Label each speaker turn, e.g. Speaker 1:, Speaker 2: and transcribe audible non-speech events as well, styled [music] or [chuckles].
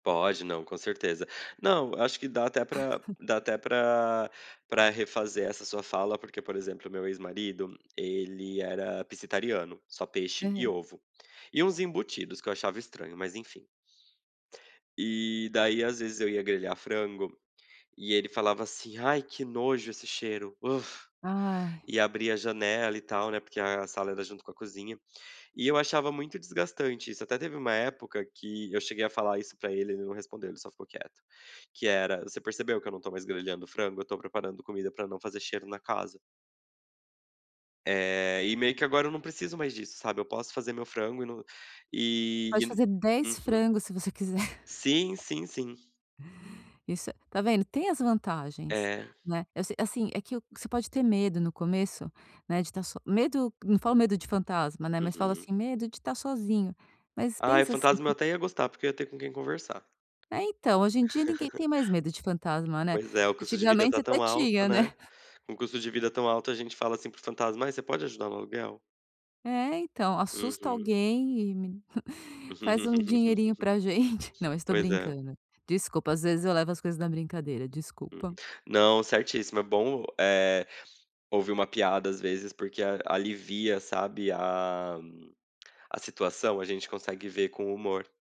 Speaker 1: Pode, não, com certeza. Não, eu acho que dá até pra dá
Speaker 2: [laughs]
Speaker 1: até pra pra refazer essa sua fala, porque, por exemplo, meu ex-marido, ele era pescetariano só peixe e
Speaker 2: Hã.
Speaker 1: ovo, e uns embutidos que eu achava estranho, mas enfim. E daí às vezes eu ia grelhar frango, e ele falava assim: "Ai, que nojo esse cheiro".
Speaker 2: Ai.
Speaker 1: E abria a janela e tal, né, porque a sala era junto com a cozinha. E eu achava muito desgastante isso. Até teve uma época que eu cheguei a falar isso pra ele, ele não respondeu ele só ficou quieto, que era: "Você percebeu que eu não estou mais grelhando frango? Estou preparando comida pra não fazer cheiro na casa". Eh, e meio que agora eu não preciso mais disso, sabe, eu posso fazer meu frango e no e e
Speaker 2: Pode
Speaker 1: n
Speaker 2: fazer 10
Speaker 1: Uhum.
Speaker 2: frango se você quiser. [chuckles]
Speaker 1: Sim, sim, sim.
Speaker 2: Isso é Tá vendo, tem as vantagens,
Speaker 1: É.
Speaker 2: né. Eu se assim, é que o você pode ter medo no começo, né, de estar só medo, não falo de fantasma, né, mas falo
Speaker 1: Uhum.
Speaker 2: assim, medo de tá sozinho, mas
Speaker 1: Ai,
Speaker 2: pensa, assim,
Speaker 1: fantasma eu
Speaker 2: que
Speaker 1: até ia gostar, porque eu ia ter com quem conversar.
Speaker 2: É, então, hoje em dia ninguém
Speaker 1: [laughs]
Speaker 2: tem mais medo de fantasma, né.
Speaker 1: Pois é, o custo de vida
Speaker 2: Antigamente
Speaker 1: está
Speaker 2: até
Speaker 1: tão alto,
Speaker 2: tinha, né.
Speaker 1: né.
Speaker 2: [chuckles]
Speaker 1: Com custo de vida tão alto a gente fala assim para o fantasma: "Ai, você pode ajudar no aluguel?".
Speaker 2: É, então. "Assusta
Speaker 1: Uhum.
Speaker 2: alguém e me [chuckles] faz um dinheirinho pra gente".
Speaker 1: [laughs]
Speaker 2: Não isso estou
Speaker 1: Pois é.
Speaker 2: brincando. Desculpa, às vezes eu levo as coisas na brincadeira,
Speaker 1: Hum.
Speaker 2: desculpa.
Speaker 1: Não, certíssimo, é bom, eh, ouvir uma piada, às vezes, porque a alivia, sabe, a a situação, a gente consegue ver com humor.